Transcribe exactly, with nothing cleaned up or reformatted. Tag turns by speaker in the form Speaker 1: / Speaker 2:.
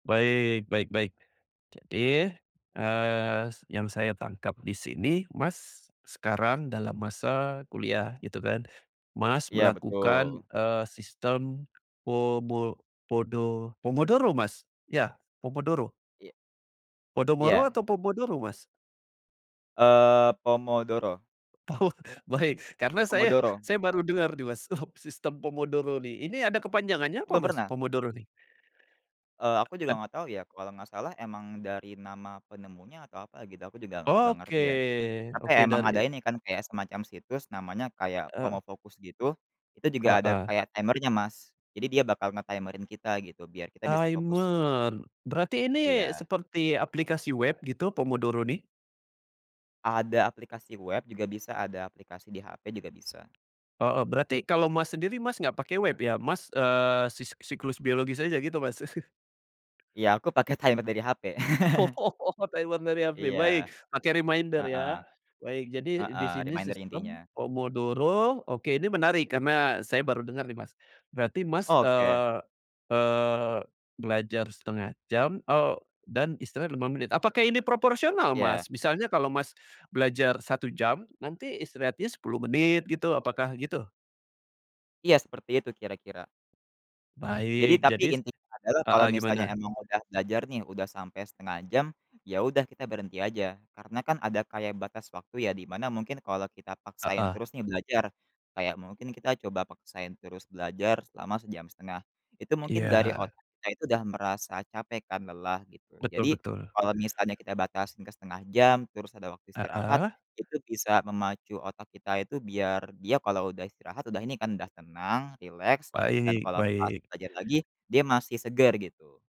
Speaker 1: Baik baik baik. Jadi, eee, yang saya tangkap di sini Mas, sekarang dalam masa kuliah gitu kan. Mas,
Speaker 2: Iya,
Speaker 1: melakukan,
Speaker 2: betul.
Speaker 1: eee, sistem pomo podo pomodoro Mas? Iya, pomodoro?
Speaker 2: Iya.
Speaker 1: Podomoro
Speaker 2: Iya.
Speaker 1: atau pomodoro Mas?
Speaker 2: Eee, pomodoro.
Speaker 1: Oh, baik. Karena saya
Speaker 2: Pomodoro.
Speaker 1: saya baru dengar nih Mas, sistem pomodoro nih. Ini ada kepanjangannya apa
Speaker 2: Belum
Speaker 1: Mas,
Speaker 2: pernah?
Speaker 1: pomodoro nih?
Speaker 2: Eee, aku
Speaker 1: Eee,
Speaker 2: juga
Speaker 1: ad
Speaker 2: enggak tahu ya. Kalau enggak salah emang dari nama penemunya atau apa gitu aku juga enggak
Speaker 1: Oke,
Speaker 2: ngerti ya. Apa ya,
Speaker 1: oke
Speaker 2: emang ada
Speaker 1: dari
Speaker 2: ini kan kayak semacam situs namanya kayak
Speaker 1: Eee.
Speaker 2: Pomofocus gitu, itu juga ada
Speaker 1: Heeh.
Speaker 2: kayak timer-nya Mas, jadi dia bakal nge-timer-in kita gitu, biar kita bisa fokus.
Speaker 1: Timer, berarti ini
Speaker 2: Iya.
Speaker 1: seperti aplikasi web gitu, pomodoro nih?
Speaker 2: Ada aplikasi web, juga bisa ada aplikasi di HP, juga bisa.
Speaker 1: Heeh. Berarti kalau Mas, sendiri Mas, enggak pakai web ya? Mas, eee, sis siklus biologis aja gitu Mas?
Speaker 2: Iya aku pakai timer dari HP.
Speaker 1: Oh, timer dari HP.
Speaker 2: Iya.
Speaker 1: Baik. Pakai reminder
Speaker 2: Heeh.
Speaker 1: ya. Baik. Jadi di
Speaker 2: Heeh.
Speaker 1: sini
Speaker 2: Reminder intinya.
Speaker 1: sistem pomodoro. Oke, ini menarik karena saya baru dengar nih Mas, berarti Mas,
Speaker 2: Oke.
Speaker 1: eee eee, belajar setengah jam, eee, dan istirahat lima menit. Apakah ini proporsional
Speaker 2: Ya.
Speaker 1: Mas? Misalnya kalau Mas, belajar satu jam nanti istirahatnya sepuluh menit, gitu. Apakah gitu?
Speaker 2: Iya, seperti itu kira-kira. Jadi,
Speaker 1: Baik
Speaker 2: tapi
Speaker 1: jadi s
Speaker 2: intinya adalah kalau
Speaker 1: heeh,
Speaker 2: misalnya
Speaker 1: gimana?
Speaker 2: emang udah belajar nih, udah sampai setengah jam ya udah kita berhenti aja. Karena kan, ada kayak batas waktu ya di mana mungkin, kalau kita paksain
Speaker 1: Heeh.
Speaker 2: terus nih belajar, kayak mungkin kita coba paksain terus belajar selama sejam setengah, itu mungkin dari
Speaker 1: Iya.
Speaker 2: otak kita itu udah merasa capek kan lelah, gitu.
Speaker 1: Betul
Speaker 2: Jadi,
Speaker 1: betul.
Speaker 2: kalau misalnya kita batasin ke setengah jam terus ada waktu istirahat,
Speaker 1: Heeh.
Speaker 2: itu bisa memacu otak kita itu biar dia kalau udah istirahat udah ini kan udah tenang, rileks, dan
Speaker 1: Baik,
Speaker 2: kalau pas
Speaker 1: baik.
Speaker 2: belajar lagi, dia masih segar, gitu.